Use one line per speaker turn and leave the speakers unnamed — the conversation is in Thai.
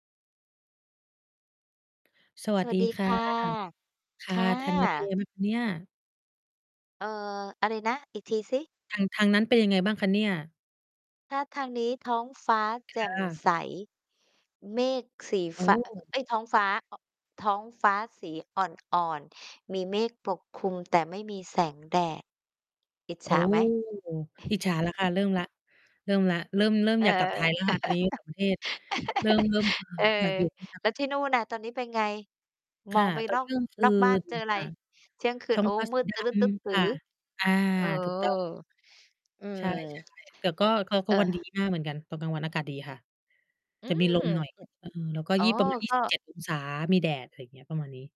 สว
ส
ัส
วั
ดี
สดี
ค
ค
่ะ
่ะ
ค
ค
่ะ
่
ทางนั้นเป็น
ะ
ยังไง บ้างคะเนี่ย?
เอ่อ อะไรนะ อีกทีสิ?
ทาง ทางนั้นเป็นยังไงบ้างคะเนี่ย?
ถ้าทางนี้ท้องฟ้า
ค
แจ่ม
่ะ
ใส เมฆสี
โอ
ฟ้า
้
เอ๊ย ท้องฟ้า อ ท้องฟ้าสีอ่อน ๆ มีเมฆปกคลุม แต่ไม่มีแสงแดด อิจ
โ
ฉ
อ้
าไหม?
อิจฉาแล้วค่ะ เริ่มแล้ว เริ่มแล้ว เริ่ม เริ่ม
เออ
อยากกลับไทยแล้วค่ะ ตอนนี้ ต่างประเทศ เริ่ม เริ่ม เอ่อ
เออ
อยากอยู่ [unintelligible]
แล้วที่นู่นน่ะตอนนี้เป็นไง?
ค
มอ
่ะ
งไป
ตอน
นอ
นี้
ก
เที่ยงค
น
ื
อกบ้าน
น
เจออะไร?
ค่ะ
เที่ยงคื
ท
น
้อ
โ
ง
อ้
ฟ้า
ม
ส
ื
ี
ด
ด
ตะลึดตึดต
ำ
ื
ค
๋อ
่ะ อา
เออ
ถูก ต้อง
อื
ใช
ม
่ ใช่ แต่ก็ ก็ ก็
เ
วัน ดี
ออ
มากเหมือนกัน ตอนกลางวันอากาศดีค่ะ
อื
จะมี
ม
ลมหน่อย
อ
เออ แล้วก็
อ๋อ
ยี่ ประมาณ ยี
ก
่
็
สิบเจ็ดองศา มีแดด อะไรอย่างเงี้ย ประมาณนี้